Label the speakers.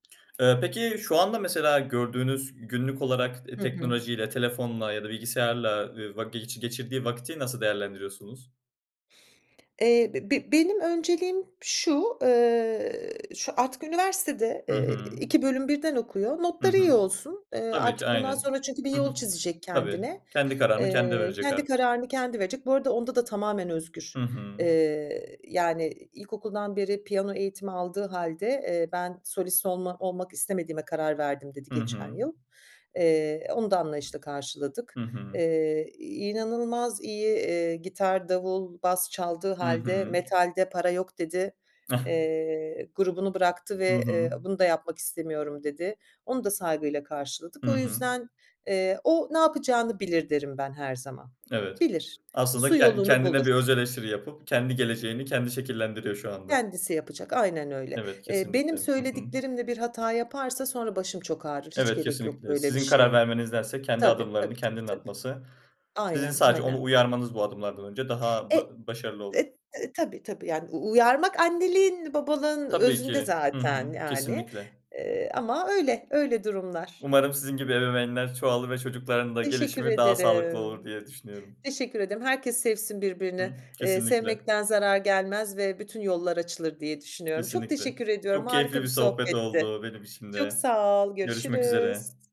Speaker 1: Eee, peki şu anda mesela gördüğünüz günlük olarak, eee,
Speaker 2: Hı hı.
Speaker 1: teknolojiyle telefonla ya da bilgisayarla, eee, va ge geçirdiği vakti nasıl değerlendiriyorsunuz?
Speaker 2: Eee, be be benim önceliğim şu, eee, artık şu üniversitede,
Speaker 1: Hı
Speaker 2: eee,
Speaker 1: hı.
Speaker 2: 2 bölüm birden okuyor.
Speaker 1: Hı
Speaker 2: Notları iyi
Speaker 1: hı.
Speaker 2: olsun. Eee,
Speaker 1: Tabii ki
Speaker 2: artık bundan
Speaker 1: aynen.
Speaker 2: sonra çünkü bir
Speaker 1: Hı
Speaker 2: yol
Speaker 1: hı.
Speaker 2: çizecek
Speaker 1: Tabii,
Speaker 2: kendine.
Speaker 1: kendi kararını kendi
Speaker 2: Eee,
Speaker 1: verecek
Speaker 2: kendi
Speaker 1: artık.
Speaker 2: kararını kendi verecek. Bu arada onda da tamamen özgür,
Speaker 1: Hı hı.
Speaker 2: eee, yani, ilkokuldan beri piyano eğitimi aldığı hâlde, eee, ben solist olma olmak istemediğime karar verdim dedi
Speaker 1: Hı
Speaker 2: geçen
Speaker 1: hı.
Speaker 2: yıl. Eee, onu da anlayışla
Speaker 1: Hı
Speaker 2: karşıladık.
Speaker 1: hı.
Speaker 2: Eee, inanılmaz iyi, eee, gitar, davul, bas çaldığı
Speaker 1: Hı
Speaker 2: hâlde,
Speaker 1: hı.
Speaker 2: metalde para yok dedi.
Speaker 1: Ah.
Speaker 2: Eee, grubunu bıraktı
Speaker 1: Hı
Speaker 2: ve, eee,
Speaker 1: hı.
Speaker 2: bunu da yapmak istemiyorum dedi. Onu da saygıyla karşıladık.
Speaker 1: Hı
Speaker 2: O
Speaker 1: hı.
Speaker 2: yüzden, eee, o ne yapacağını bilir derim ben her zaman.
Speaker 1: Evet.
Speaker 2: Bilir.
Speaker 1: Aslında
Speaker 2: Su
Speaker 1: ken
Speaker 2: yolunu
Speaker 1: kendine bir
Speaker 2: bulur.
Speaker 1: öz eleştiri yapıp kendi geleceğini kendi şekillendiriyor şu anda.
Speaker 2: Kendisi yapacak. Aynen öyle.
Speaker 1: Evet
Speaker 2: Eee
Speaker 1: kesinlikle.
Speaker 2: benim
Speaker 1: Hı hı.
Speaker 2: söylediklerimle bir hata yaparsa sonra başım çok ağrır. Hiç
Speaker 1: Evet
Speaker 2: gerek yok
Speaker 1: kesinlikle.
Speaker 2: böyle bir
Speaker 1: Sizin karar
Speaker 2: şeye.
Speaker 1: vermenizdense kendi
Speaker 2: Tabii, tabii,
Speaker 1: adımlarını
Speaker 2: tabii,
Speaker 1: kendinin
Speaker 2: tabii.
Speaker 1: atması sizin
Speaker 2: Aynen,
Speaker 1: sadece onu
Speaker 2: aynen.
Speaker 1: uyarmanız bu adımlardan önce daha
Speaker 2: E
Speaker 1: ba başarılı olur.
Speaker 2: e e tabii, tabii yani u uyarmak anneliğin babalığın
Speaker 1: Tabii
Speaker 2: özünde
Speaker 1: ki. Hı hı.
Speaker 2: zaten, yani,
Speaker 1: Kesinlikle.
Speaker 2: eee, ama öyle, öyle durumlar.
Speaker 1: Umarım sizin gibi ebeveynler çoğalır ve çocukların da
Speaker 2: Teşekkür
Speaker 1: gelişimi daha sağlıklı olur
Speaker 2: ederim.
Speaker 1: diye düşünüyorum.
Speaker 2: Teşekkür ederim. Herkes sevsin birbirini,
Speaker 1: Hı
Speaker 2: eee,
Speaker 1: kesinlikle.
Speaker 2: sevmekten zarar gelmez ve bütün yollar açılır diye düşünüyorum. Çok
Speaker 1: Kesinlikle.
Speaker 2: teşekkür ediyorum
Speaker 1: Çok
Speaker 2: harika
Speaker 1: keyifli bir
Speaker 2: bir
Speaker 1: sohbet
Speaker 2: sohbetti.
Speaker 1: oldu benim için
Speaker 2: Çok
Speaker 1: de.
Speaker 2: sağ ol
Speaker 1: Görüşmek
Speaker 2: görüşürüz.
Speaker 1: üzere.